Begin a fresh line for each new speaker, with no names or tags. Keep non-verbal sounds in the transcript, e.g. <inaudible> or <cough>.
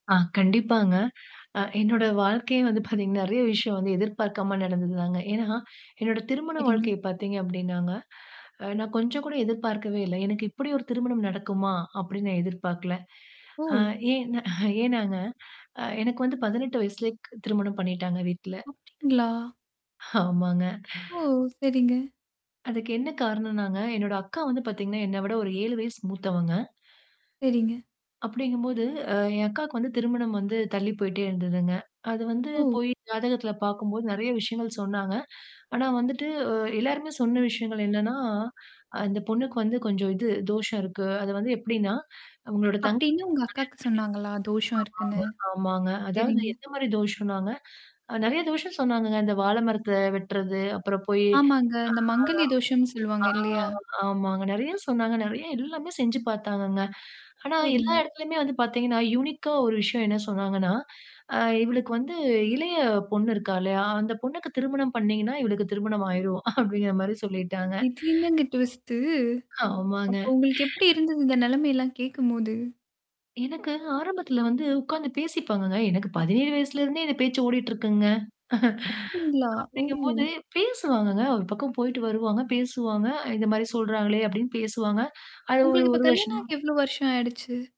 ஆ கண்டிப்பாங்க. அ என்னோட வாழ்க்கையே வந்து <chuckles> பார்த்தீங்கன்னா, நெறைய விஷயம் வந்து எதிர்பார்க்காம நடந்தது தாங்க. ஏன்னா, என்னோட திருமண
சரிங்க.
வாழ்க்கைய பார்த்தீங்க அப்டின்னாங்க அ நான் கொஞ்சம் கூட எதிர்பார்க்கவே இல்ல. எனக்கு இப்டி ஒரு திருமணம் நடக்குமா? அப்டின்னு நான் எதிர்பார்க்கல. ஆ
ஓ!
ஏன்ன <chuckles> ஏன்னாங்க, அ எனக்கு வந்து 18 வயசுலயே க் திருமணம் பண்ணிட்டாங்க வீட்ல.
அப்டிங்களா?
ஆமாங்க.
ஓ! சரிங்க.
அதுக்கு என்ன காரணம்னாங்க? என்னோட அக்கா வந்து பார்த்தீங்கன்னா, என்ன விட ஒரு 7 வயசு மூத்தவங்க.
சரிங்க.
அப்டிங்கும்போது அ என் அக்காக்கு வந்து திருமணம் வந்து தள்ளி போயிடே இருந்ததுங்க. அது வந்து
ஓ.
போய் ஜாதகத்தில பார்க்கும்போது நெறைய விஷயங்கள் சொன்னாங்க. ஆனா வந்துட்டு எல்லாருமே சொன்ன விஷயங்கள் என்னன்னா, அந்த பொண்ணுக்கு வந்து கொஞ்சம் இது தோஷம் இருக்கு. அது வந்து எப்டின்னா, உங்களோட தங்க
அப்டின்னு உங்க அக்காக்கு சொன்னாங்களா? தோஷம் இருக்குன்னு?
கல்யாண பண்ணி ஆமாமா, ஆமாங்க. அதாவது
சரிங்க.
எந்த மாரி தோஷம்னாங்க? நெறைய தோஷம் சொன்னாங்கங்க. இந்த வாழ மரத்த வெட்டுறது, அப்புறம் போயி
ஆமாங்க. இந்த மாங்கல்ய தோஷம் சொல்லுவாங்க
ஆ
இல்லையா?
ஆ ஆமாங்க. நெறைய சொன்னாங்க. நெறைய எல்லாமே செஞ்சு பார்த்தாங்கங்க. ஆனா எல்லா
சரிங்க.
இடத்துலயுமே வந்து பார்த்தீங்கன்னா, யூனிக்கா ஒரு விஷயம் என்ன சொன்னாங்கன்னா, அ இவளுக்கு வந்து இளைய பொண்ணு இருக்கால்லையா? அந்த பொண்ணுக்கு திருமணம் பண்ணீங்கன்னா இவளுக்கு திருமணம் ஆயிரும். <chuckles> அப்டிங்கிற மாரி சொல்லிட்டாங்க.
இது என்னங்க ட்விஸ்டு?
ஆமாங்க.
அப்ப உங்களுக்கு எப்டி இருந்தது? இந்த நெலைமையெல்லாம் கேட்கும்போது?
எனக்கு ஆரம்பத்தில வந்து உட்கார்ந்து பேசிப்பாங்கங்க. எனக்கு 17 வயசுல இருந்தே இந்த பேச்சு ஓடிட்டு இருக்குங்க. <chuckles>
அப்டிங்களா? ஓ!
அப்டிங்கும்போது பேசுவாங்கங்க. ஒரு பக்கம் போயிட்டு வருவாங்க. பேசுவாங்க இந்த மாரி சொல்றாங்களே அப்டின்னு பேசுவாங்க. அது ஒரு
உங்களுக்கு இப்ப
1
கல்யாணாம்
வருஷமா
ஆகி எவ்வளோ வருஷம் ஆயிடுச்சு?